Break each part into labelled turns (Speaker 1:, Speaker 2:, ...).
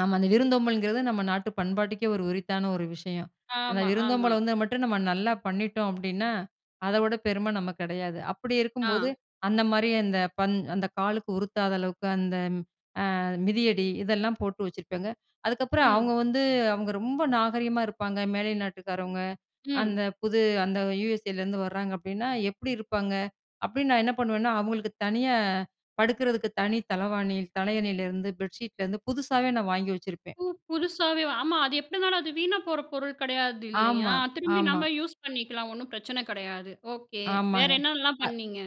Speaker 1: ஆமா அந்த விருந்தோம்பல்ங்கறது நம்ம நாட்டு பண்பாட்டுக்கே ஒரு உரித்தான ஒரு விஷயம். அந்த
Speaker 2: ஆமா. ஆமா.
Speaker 1: விருந்தோம்பல் வந்தா மட்டும் நம்ம நல்லா பண்ணிட்டோம் அப்டின்னா, அத விட பெரும நம்ம கிடையாது. அப்டி இருக்கும்போது,
Speaker 2: ஆ.
Speaker 1: அந்த மாரி அந்த பண்-அந்த காலுக்கு உருத்தாத அளவுக்கு அந்த அ மிதியடி இதெல்லாம் போட்டு வச்சிருப்பேங்க. அதுக்கப்பறம்,
Speaker 2: ம்.
Speaker 1: அவங்க வந்து அவங்க ரொம்ப நாகரீகமா இருப்பாங்க மேலை நாட்டுக்காரவங்க, அந்த
Speaker 2: ம்.
Speaker 1: புது அந்த யுஎஸ்ஏலேருந்து வர்றாங்க அப்டின்னா, "எப்டி இருப்பாங்க?" அப்டின்னு நான் என்ன பண்ணுவேன்னா அவங்களுக்கு தனியா படுக்குறதுக்கு தனி தளவாணி தலையணைலருந்து பெட்ஷீட்லேருந்து புதுசாவே நான் வாங்கி வச்சிருப்பேன்.
Speaker 2: ஓ! புதுசாவே ஆமா அது எப்டி இருந்தாலும் அது வீணா போற பொருள் கெடையாது இல்லையா?
Speaker 1: ஆமா,
Speaker 2: திரும்பி
Speaker 1: ஆமா.
Speaker 2: நம்ம யூஸ் பண்ணிக்கலாம் ஒண்ணும் பிரச்சன கெடையாது ஓகே. வேற
Speaker 1: ஆமாங்க
Speaker 2: என்னலாம் பண்ணீங்க?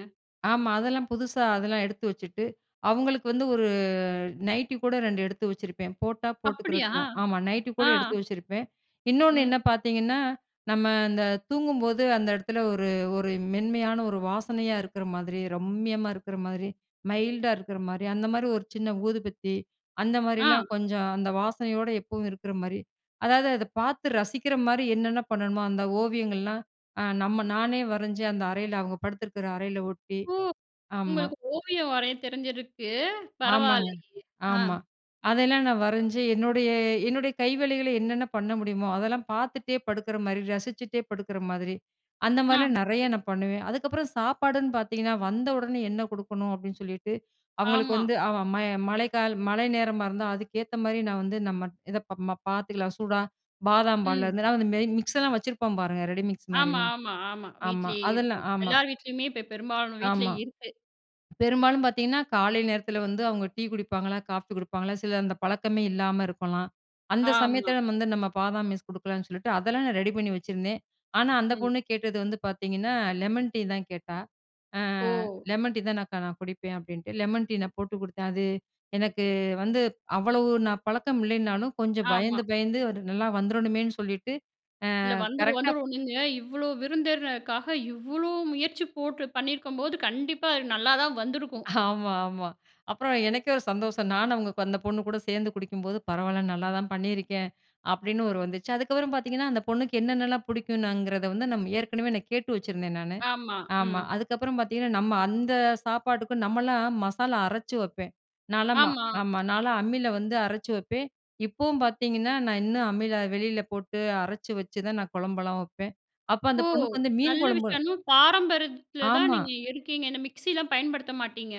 Speaker 1: அ ஆமா அதெல்லாம் புதுசா அதெல்லாம் எடுத்து வச்சுட்டு, அவங்களுக்கு வந்து ஒரு நைட்டி கூட ரெண்டு எடுத்து வச்சுருப்பேன். போட்டா
Speaker 2: அப்டியா!
Speaker 1: போட்டுக்கறட்டும் ஆமா நைட்டி
Speaker 2: ஆ.
Speaker 1: கூட எடுத்து வச்சுருப்பேன். இன்னொன்னு என்ன
Speaker 2: ம்.
Speaker 1: பாத்தீங்கன்னா நம்ம இந்த தூங்கும்போது அந்த இடத்துல ஒரு -ஒரு மென்மையான ஒரு வாசனையா இருக்குற மாரி, ரம்மியமா இருக்குற மாரி மைல்டா இருக்குற மாரி, அந்த மாரி ஒரு சின்ன ஊதுபத்தி, அந்த
Speaker 2: ஆ.
Speaker 1: மாரிலாம் கொஞ்சம் அந்த வாசனையோடு எப்பவும் இருக்குற மாரி, அதாவது அத பாத்து ரசிக்கிற மாரி என்னென்ன பண்ணணுமோ, அந்த ஓவியங்கள்லாம் அ நம்ம நானே வரைஞ்சு அந்த அறையில அவங்க படுத்துருக்குற அறையில ஒட்டி
Speaker 2: ஓ!
Speaker 1: ஆமா.
Speaker 2: உங்களுக்கு ஓவியம் வரைய தெரிஞ்சிருக்கு.
Speaker 1: ஆமாங்க
Speaker 2: பரவால்லையே!
Speaker 1: ஆமா
Speaker 2: அ.
Speaker 1: அதெல்லாம் நான் வரைஞ்சு என்னுடைய-என்னுடைய கைவேலைகள என்னென்ன பண்ண முடியுமோ, அதெல்லாம் பாத்துட்டே படுக்குற மாரி ரசிச்சிட்டே படுக்குற மாதிரி அந்த
Speaker 2: அ.
Speaker 1: மாரிலாம் நெறையா நான் பண்ணுவேன் அதுக்கப்பறம் சாப்பாடுன்னு பாத்தீங்கன்னா, வந்த உடனே என்ன கொடுக்கணும் அப்டின்னு சொல்லிட்டு, அவங்களுக்கு
Speaker 2: ஆமா.
Speaker 1: வந்து அவ மய மழைக்கா மழை நேரமா இருந்தா அதுக்கேத்த மாரி நான் வந்து, நம்ம இத ப ம பாத்துக்கலாம் சூடா பாதாம் பால்ல
Speaker 2: ம்.
Speaker 1: இருந்து அந்த மேரி, மிக்ஸ்லாம் வச்சிருப்போம் பாருங்க ரெடி மிக்ஸ்
Speaker 2: ஆமா,
Speaker 1: மாரிலாம்
Speaker 2: ஆமா, ஆமா
Speaker 1: ஆமா.
Speaker 2: வீட்லயே
Speaker 1: அதெல்லா
Speaker 2: இருக்கும்
Speaker 1: ஆமா.
Speaker 2: எல்லார் வீட்லயுமே இப்ப பெரும்பாலான வீட்ல
Speaker 1: ஆமா.
Speaker 2: இருக்கு.
Speaker 1: பெரும்பாலும் பாத்தீங்கன்னா காலை நேரத்துல வந்து அவங்க டீ குடிப்பாங்களா? காஃபி குடிப்பாங்களா? சில அந்த பழக்கமே இல்லாம இருக்கலாம். அந்த
Speaker 2: ஆமா.
Speaker 1: சமயத்துல வந்து நம்ம பாதாம் மிக்ஸ் கொடுக்கலான்னு சொல்லிட்டு, அதெல்லாம் நான் ரெடி பண்ணி வச்சிருந்தேன். ஆனா அந்த
Speaker 2: ம்.
Speaker 1: பொண்ணு கேட்டது வந்து பாத்தீங்கன்னா லெமன் டீ தான் கேட்டா. அ
Speaker 2: ஓ!
Speaker 1: "லெமன் டீ தான் அக்கா நான் குடிப்பேன்." அப்டின்ட்டு லெமன் டீ நான் போட்டு கொடுத்தேன் அது எனக்கு வந்து அவ்வளவு நான் பழக்கம் இல்லைன்னாலும் கொஞ்சம்
Speaker 2: ஆமா.
Speaker 1: பயந்து, பயந்து அது நல்லா வந்துறணுமேன்னு சொல்லிட்டு
Speaker 2: இல்ல
Speaker 1: அ
Speaker 2: வந்துரும்,
Speaker 1: கரெக்ட்டாப்
Speaker 2: வந்துரும் நீங்க இவ்ளோ விருந்தினருக்காக இவ்ளோ முயற்சி போட்டு பண்ணிருக்கும்போது, கண்டிப்பா அது நல்லா தான் வந்துருக்கும்.
Speaker 1: ஆமா ஆமா. அப்பறம் எனக்கே ஒரு சந்தோஷம் நானும் அவங்க அந்த பொண்ணு கூட சேர்ந்து குடிக்கும்போது, "பரவால்ல நல்லா தான் பண்ணியிருக்கேன்" அப்டின்னு ஒரு வந்துச்சு அதுக்கப்றம் பாத்தீங்கன்னா அந்த பொண்ணுக்கு என்னென்னலாம் புடிக்குனுங்கறத வந்து நம்ம ஏற்கனவே நான் கேட்டு வச்சிருந்தேன் நானு.
Speaker 2: ஆமா.
Speaker 1: ஆமா
Speaker 2: ம்.
Speaker 1: அதுக்கப்பறம் பாத்தீங்கன்னா நம்ம அந்த சாப்பாட்டுக்கும் நம்மலாம் மசாலா அரைச்சி வைப்பேன். நான்லாம்
Speaker 2: ஆமா.
Speaker 1: ஆமா நான்லாம் அம்மில வந்து அரைச்சி வைப்பேன் இப்போவும் பாத்தீங்கன்னா, நான் இன்னும் அம்மில வெளில போட்டு அரைச்சி வச்சு தான் நான் குழம்புலாம் வைப்பேன். அப்போ அந்த
Speaker 2: ஓ!
Speaker 1: பொண்ணுக்கு வந்து மீன்
Speaker 2: நல்ல
Speaker 1: குழம்பு,
Speaker 2: விஷயம் இன்னும் பாரம்பரியத்ல தான்
Speaker 1: ஆமா.
Speaker 2: நீங்க இருக்கீங்க இந்த மிக்ஸிலா பயன்படுத்த மாட்டீங்க?